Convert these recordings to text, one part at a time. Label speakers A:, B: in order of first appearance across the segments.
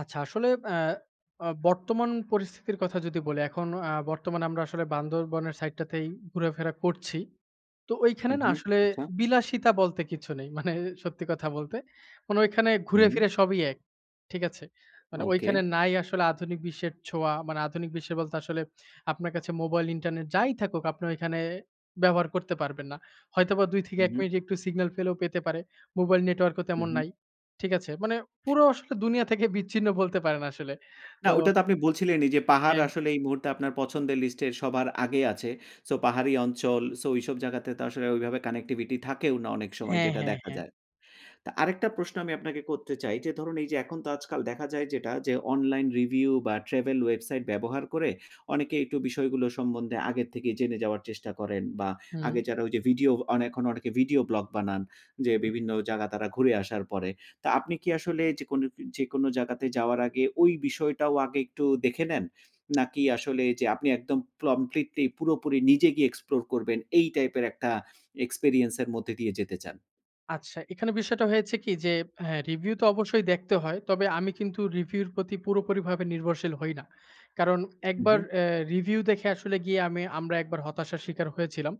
A: আচ্ছা আসলে অ্যা অ বর্তমান পরিস্থিতির কথা যদি বলি এখন আ বর্তমানে আমরা আসলে বান্ধরবনের সাইডটাতেই ঘুরাফেরা করছি। তো ঐখানে
B: হুম,
A: না
B: হুম,
A: আসলে
B: আচ্ছা।
A: বিলাসিতা বলতে কিছু নেই। মানে সত্যি কথা বলতে। মানে ঐখানে ঘুরে
B: হুম।
A: ফিরে সবই এক। ঠিক আছে? মানে
B: ওকে।
A: ঐখানে নাই আসলে আধুনিক বিশ্বের ছোঁয়া। মানে আধুনিক বিশ্ব বলতে আসলে আপনার কাছে মোবাইল ইন্টারনেট যাই থাকুক আপনি ওইখানে ব্যবহার করতে পারবেন না। হয়তোবা ২ থেকে
B: হুম,
A: ১
B: হুম।
A: মিনিট একটু সিগন্যাল পেলেও পেতে পারে। মোবাইল নেটওয়ার্ক ও
B: হুম,
A: তেমন
B: হুম।
A: নাই। ঠিক আছে? মানে পুরো আসলে দুনিয়া থেকে বিচ্ছিন্ন বলতে পারেন আসলে।
B: না
A: তো
B: ওটা তো আপনি বলছিলেনই যে "পাহাড়
A: হ্যাঁ।
B: আসলে এই মুহূর্তে আপনার পছন্দের লিস্টে সবার আগে আছে" সো পাহাড়ি অঞ্চল সো ঐসব জায়গাতে তো আসলে ওইভাবে কানেক্টিভিটি থাকেও না অনেক সময়
A: হ্যাঁ,
B: যেটা
A: হ্যাঁ,
B: দেখা
A: হ্যাঁ।
B: যায়। তো আরেকটা প্রশ্ন আমি আপনাকে করতে চাই যে, ধরুন এই যে এখন তো আজকাল দেখা যায় যেটা যে অনলাইন রিভিউ বা ট্রাভেল ওয়েবসাইট ব্যবহার করে অনেকে একটু বিষয়গুলো সম্বন্ধে আগের থেকে জেনে যাওয়ার চেষ্টা করেন। বা
A: হুম।
B: আগে যারা ওই যে ভিডিও আন এখন অনেকে ভিডিও ব্লগ বানান যে বিভিন্ন জায়গা তারা ঘুরে আসার পরে। তো আপনি কি আসলে যেকুন যেকোনো জায়গাতে যাওয়ার আগে ওই বিষয়টাও আগে একটু দেখে নেন? নাকি আসলে এই যে আপনি একদম কমপ্লিটলি পুরোপুরি নিজে গিয়ে এক্সপ্লোর করবেন এই টাইপের একটা এক্সপেরিয়েন্সের মধ্যে দিয়ে যেতে চান?
A: আচ্ছা। এখানে বিষয়টা হয়েছে কি যে, হ্যাঁ রিভিউ তো অবশ্যই দেখতে হয়। তবে আমি কিন্তু রিভিউ এর প্রতি পুরোপুরিভাবে নির্ভরশীল হই না। কারণ
B: উ,
A: একবার
B: হু।
A: অ্যা রিভিউ দেখে আসলে গিয়ে আমি আমরা একবার হতাশার শিকার হয়েছিলাম।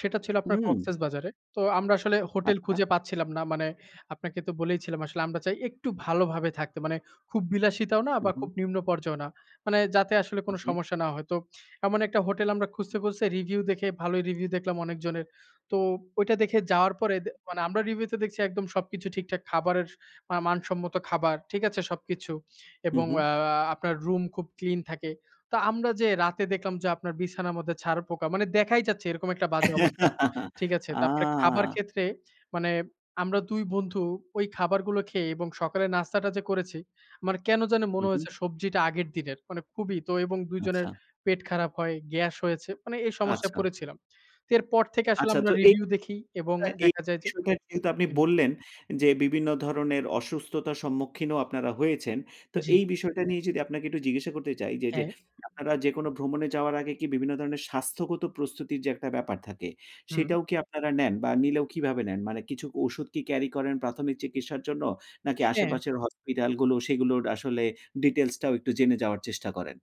A: সেটা ছিল আপনার
B: হুম।
A: কক্সেসবাজারে। তো আমরা আসলে হোটেল
B: আচ্ছা।
A: খুঁজে পাচ্ছিলাম না। মানে আপনাকে তো বলেইছিলাম আসলে আমরা চাই একটু ভালোভাবে থাকতে। মানে খুব বিলাসিতাও না
B: উ,
A: বা
B: হু।
A: খুব নিম্ন পর্যায়েও না। মানে যাতে আসলে কোন
B: ওকে।
A: সমস্যা না হয়। তো এমন ১ টা হোটেল আমরা খুঁজতে, খুঁজতে, রিভিউ দেখে ভালোই রিভিউ দেখলাম অনেকজনের। তো ঐটা দেখে যাওয়ার পরে মানে আমরা রিভিউতে দেখছি একদম সবকিছু ঠিকঠাক। খাবারের আ মানসম্মত খাবার ঠিক আছে সবকিছু।
B: হুম,
A: এবং
B: হুম।
A: আ আ আপনার রুম খুব ক্লিন থাকে। তো আমরা যে রাতে দেখলাম যে, আপনার বিছানার মধ্যে ছাড়পোকা মানে দেখাই যাচ্ছে এরকম একটা বাজে অবস্থা। ঠিক আছে?
B: আ
A: তারপরে খাবার ক্ষেত্রে মানে আমরা ২ বন্ধু ঐ খাবারগুলো খেয়ে এবং সকালের নাস্তাটা যে করেছি। মানে কেন জানি
B: হু,
A: মনে
B: হুম।
A: হয়েছে সবজিটা আগের দিনের। মানে খুবই তো এবং ২ জনের
B: আচ্ছা।
A: পেট খারাপ হয়, গ্যাস হয়েছে। মানে এই সমস্যায়
B: আচ্ছা।
A: পড়েছিলাম। এরপর থেকে আসলে
B: আচ্ছা
A: আমরা
B: তো এ
A: রিভিউ দেখি এবং
B: [unintelligible] এ
A: দেখা যায় যে
B: বিষয়টা যেহেতু আপনি
A: উ, হুম।
B: বললেন যে "বিভিন্ন ধরনের অসুস্থতার সম্মুখীনও আপনারা হয়েছেন" তো
A: জি।
B: এই বিষয়টা নিয়ে যদি আপনাকে একটু জিজ্ঞাসা করতে চাই যে, যে,
A: হ্যাঁ।
B: [unintelligible] আপনারা যেকোনো ভ্রমণে যাওয়ার আগে কি বিভিন্ন ধরনের স্বাস্থ্যগত প্রস্তুতির যে একটা ব্যাপার থাকে
A: হুম।
B: সেটাও কি আপনারা নেন বা নিলেও কিভাবে নেন? মানে কিছু ওষুধ কি ক্যারি করেন প্রাথমিক চিকিৎসার জন্য? নাকি
A: হ্যাঁ।
B: আশেপাশের hospital গুলো সেগুলোর আসলে ডিটেইলসটাও একটু জেনে যাওয়ার চেষ্টা করেন?